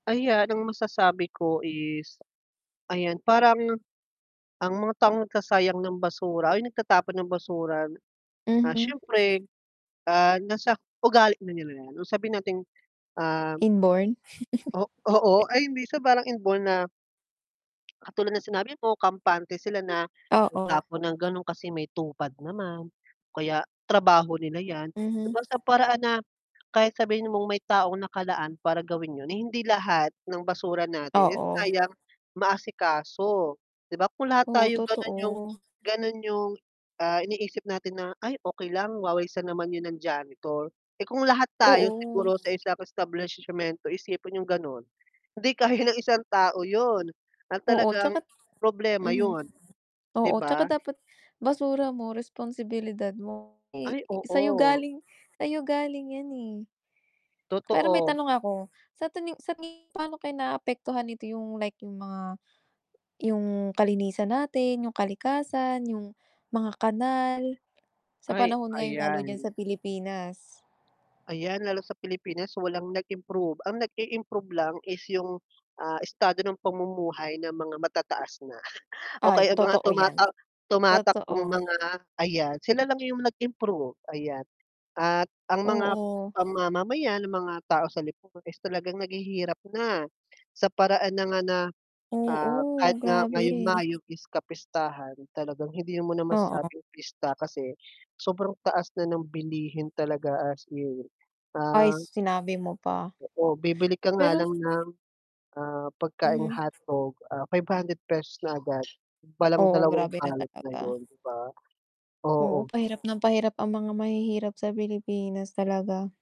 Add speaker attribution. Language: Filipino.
Speaker 1: Ayan ang masasabi ko is, ayan parang, ang mga taong nagsasayang ng basura, ay nagtatapon ng basura, ah,
Speaker 2: Mhm.
Speaker 1: siyempre, ah, nasa ugali na nila 'yan, o sabihin nating, um
Speaker 2: Inborn.
Speaker 1: o oo, ay minsan parang inborn na katulad ng sinabi mo kampante sila na
Speaker 2: Oo.
Speaker 1: magtapon ng gano'n, kasi may TUPAD naman. O kaya trabaho nila yan, 'di
Speaker 2: Mhm.
Speaker 1: ba, sa paraan na, kahit sabihin mong may taong nakalaan para gawin 'yun, eh, hindi lahat ng basura natin, eh,
Speaker 2: Oo.
Speaker 1: kayang maasikaso. 'Di ba kung lahat
Speaker 2: Oo,
Speaker 1: tayo gano'n 'yung
Speaker 2: totoo.
Speaker 1: ganun 'yung, ah, iniisip natin na, "Ay okey lang wawalisan naman 'yun ng janitor," eh, kung lahat tayo
Speaker 2: Oo.
Speaker 1: siguro sa isang establisyemento, isipin 'yung ganun, hindi kaya ng isang tao 'yun, at
Speaker 2: Oo,
Speaker 1: talagang,
Speaker 2: 'tsaka
Speaker 1: problema
Speaker 2: mhm.
Speaker 1: 'yun, 'di
Speaker 2: Oo, 'tsaka
Speaker 1: ba?
Speaker 2: dapat basura mo, responsibilidad mo, eh,
Speaker 1: Ay,
Speaker 2: sa'yo
Speaker 1: oo.
Speaker 2: galing sa'yo galing 'yan, eh. Pero may
Speaker 1: Totoo.
Speaker 2: tanong ako, sa tingin sa tingin paano kaya naapektuhan nito yung like 'yung mga, 'yung kalinisan natin, 'yung kalikasan, 'yung mga kanal, sa
Speaker 1: Ay,
Speaker 2: panahon ngayon lalo diyan sa
Speaker 1: ayan.
Speaker 2: Pilipinas?
Speaker 1: Ayan, lalo sa Pilipinas walang nag-improve, ang nag i-improve lang is 'yung, ah, estado ng pamumuhay ng mga matataas na, o
Speaker 2: Ay
Speaker 1: kaya ang mga
Speaker 2: totoo yan.
Speaker 1: tumatak tumatakbong
Speaker 2: Totoo.
Speaker 1: mga, ayan sila lang yung nag improve, ayan, at ang mga
Speaker 2: Oo.
Speaker 1: ang mamamayan, ang mga tao sa lipunan is talagang naghihirap na. Sa paraan na nga na, ah, kahit
Speaker 2: Oo,
Speaker 1: nga
Speaker 2: grabe.
Speaker 1: ngayong Mayo is kapistahan, talagang hindi mo na
Speaker 2: Oo.
Speaker 1: masasabing pista kasi, sobrang taas na ng bilihin talaga as in.
Speaker 2: Ay,
Speaker 1: Ah
Speaker 2: s sinabi mo pa.
Speaker 1: oo, bibili ka nga
Speaker 2: Pero
Speaker 1: lang ng, ah, pagkaing
Speaker 2: Mhm.
Speaker 1: hotdog, ah, ₱500 na agad, palang
Speaker 2: Oo,
Speaker 1: dalawang
Speaker 2: grabe na
Speaker 1: balot na
Speaker 2: talaga.
Speaker 1: 'yun, 'di ba?
Speaker 2: Oo,
Speaker 1: Oo.
Speaker 2: pahirap nang pahirap ang mga mahihirap sa Pilipinas talaga.